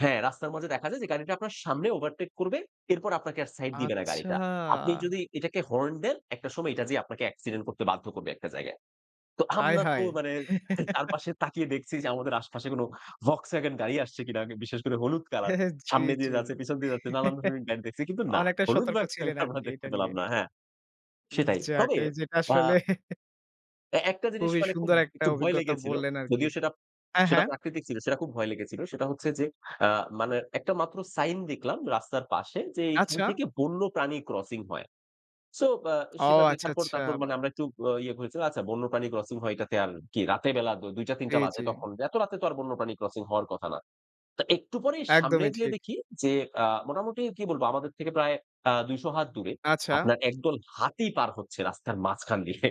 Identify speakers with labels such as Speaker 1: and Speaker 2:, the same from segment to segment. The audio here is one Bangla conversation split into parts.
Speaker 1: হ্যাঁ। রাস্তার মাঝে দেখা যায় যে গাড়িটা আপনার সামনে ওভারটেক করবে, এরপর আপনাকে আর সাইড দিবে না
Speaker 2: আচ্ছা।
Speaker 1: গাড়িটা। আপনি যদি এটাকে হর্ন দেন, একটা সময় এটা যেয়ে আপনাকে অ্যাক্সিডেন্ট করতে বাধ্য করবে একটা জায়গায়। তো আমরা তো
Speaker 2: আয়হায়!
Speaker 1: মানে চারপাশে তাকিয়ে দেখছি যে আমাদের আশেপাশে কোনো Volkswagen গাড়ি আসছে কিনা, বিশেষ করে হলুদ কালার।
Speaker 2: জ্বী,
Speaker 1: সামনে দিয়ে
Speaker 2: জ্বী।
Speaker 1: যাচ্ছে, পেছন দিয়ে যাচ্ছে, নানান ধরনের গাড়ি দেখছি। কিন্তু না,
Speaker 2: অনেকটা
Speaker 1: হলুদ
Speaker 2: সতর্ক
Speaker 1: Volkswagen
Speaker 2: ছিলেন
Speaker 1: আমরা
Speaker 2: আরকি
Speaker 1: দেখতে
Speaker 2: এটা
Speaker 1: পেলাম
Speaker 2: নিয়ে?
Speaker 1: না। হ্যাঁ, সেটাই।
Speaker 2: যাক,
Speaker 1: তবে
Speaker 2: এই যেটা
Speaker 1: অ্যা
Speaker 2: আসলে
Speaker 1: এ একটা জিনিস
Speaker 2: খুবই
Speaker 1: মানে খুব
Speaker 2: সুন্দর একটা
Speaker 1: একটু ভয়
Speaker 2: অভিজ্ঞতা
Speaker 1: লেগেছিল।
Speaker 2: বললেন আরকি।
Speaker 1: যদিও সেটা,
Speaker 2: হ্যাঁ,
Speaker 1: সেটা
Speaker 2: হ্যাঁ।
Speaker 1: প্রাকৃতিক ছিল, সেটা খুব ভয় লেগেছিল। সেটা হচ্ছে যে আ মানে একটা মাত্র সাইন দেখলাম রাস্তার পাশে যে, এইখান
Speaker 2: আচ্ছা।
Speaker 1: থেকে বন্যপ্রাণী ক্রসিং হয়। সো আ
Speaker 2: ও
Speaker 1: সেটা
Speaker 2: আচ্ছা,
Speaker 1: দেখার পর
Speaker 2: আচ্ছা।
Speaker 1: তারপর মানে
Speaker 2: বাই
Speaker 1: আমরা একটু ইয়ে করেছিলাম আচ্ছা বন্যপ্রাণী ক্রসিং হয় এটাতে আর কি? রাতের বেলা ২ টা ৩
Speaker 2: জ্বী,
Speaker 1: টা বাজে
Speaker 2: জ্বী।
Speaker 1: তখন এত রাতে তো আর বন্যপ্রাণী ক্রসিং হওয়ার কথা না। তা একটু পরেই সামনে
Speaker 2: একদমই
Speaker 1: যেয়ে
Speaker 2: ঠিক।
Speaker 1: দেখি যে, আ মোটামুটি কি বলব আমাদের থেকে প্রায় আ ২০০ হাত দূরে
Speaker 2: আচ্ছা?
Speaker 1: আপনার একদল হাতি পার হচ্ছে রাস্তার মাঝখান দিয়ে।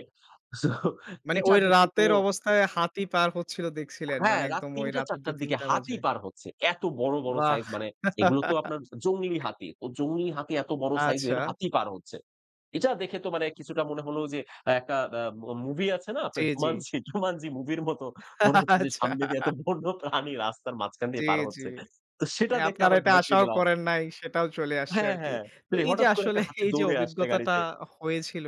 Speaker 1: সো
Speaker 2: মানে,
Speaker 1: এটা
Speaker 2: ওই
Speaker 1: দেখে তো
Speaker 2: রাতের অবস্থায় হাতি পার হচ্ছিল দেখছিলেন,
Speaker 1: হ্যাঁ,
Speaker 2: মানে
Speaker 1: রাত
Speaker 2: একদম
Speaker 1: ৩
Speaker 2: ওই
Speaker 1: টা
Speaker 2: রাতে
Speaker 1: ৪ টার দিকে
Speaker 2: ২ঃ০০-৩ঃ০০
Speaker 1: হাতি
Speaker 2: বাজে।
Speaker 1: পার হচ্ছে। এত বড়, বড়
Speaker 2: বাহ!
Speaker 1: সাইজ মানে এগুলো তো আপনার জংলি হাতি, ও জংলি হাতি এত বড় সাইজের
Speaker 2: আচ্ছা।
Speaker 1: হাতি পার হচ্ছে। এটা দেখে তো মানে কিছুটা মনে হলো যে, একটা অ্যা মা মুভি আছে না আপনার
Speaker 2: জ্বী, জ্বী।
Speaker 1: 'Jumanji?' 'Jumanji' মুভির মত মনে হচ্ছে যে সামনে দিয়ে এত
Speaker 2: আচ্ছা।
Speaker 1: বন্য প্রাণী রাস্তার মাঝখান দিয়ে
Speaker 2: জ্বী,
Speaker 1: পার
Speaker 2: জ্বী।
Speaker 1: হচ্ছে। তো সেটা
Speaker 2: মানে
Speaker 1: দেখে
Speaker 2: আপনারা
Speaker 1: আবার
Speaker 2: এটা
Speaker 1: ভয় পেয়ে
Speaker 2: আশাও
Speaker 1: গেলাম।
Speaker 2: করেন নাই, সেটাও চলে আসছে
Speaker 1: হ্যাঁ,
Speaker 2: আরকি।
Speaker 1: হ্যাঁ।
Speaker 2: তো
Speaker 1: প্লে
Speaker 2: এই যে
Speaker 1: হঠাৎ করে
Speaker 2: আসলে
Speaker 1: একটা হাতি
Speaker 2: এই যে
Speaker 1: দৌড়ে আসলে
Speaker 2: অভিজ্ঞতাটা
Speaker 1: গাড়িতে।
Speaker 2: হয়েছিল,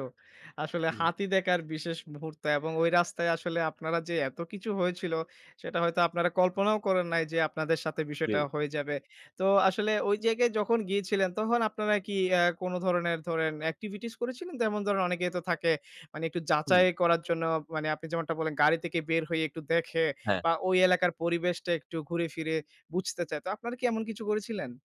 Speaker 2: আসলে
Speaker 1: হুম।
Speaker 2: হাতি দেখার বিশেষ মুহূর্ত এবং ওই রাস্তায় আসলে আপনারা যে এত কিছু হয়েছিল, সেটা হয়তো আপনারা কল্পনাও করেন নাই যে, আপনাদের সাথে
Speaker 1: জ্বী।
Speaker 2: বিষয়টা হয়ে যাবে। তো আসলে ওই জায়গায় যখন গিয়েছিলেন তখন আপনারা কি অ্যা কোনো ধরনের ধরেন এক্টিভিটিস করেছিলেন? যেমন ধরেন অনেকে তো থাকে মানে একটু
Speaker 1: হু।
Speaker 2: যাচাই করার জন্য, মানে আপনি যেমনটা বললেন গাড়ি থেকে বের হয়ে একটু দেখে
Speaker 1: হ্যাঁ।
Speaker 2: বা ওই এলাকার পরিবেশটা একটু ঘুরে ফিরে বুঝতে চায়। তো আপনারা কি এমন কিছু করেছিলেন?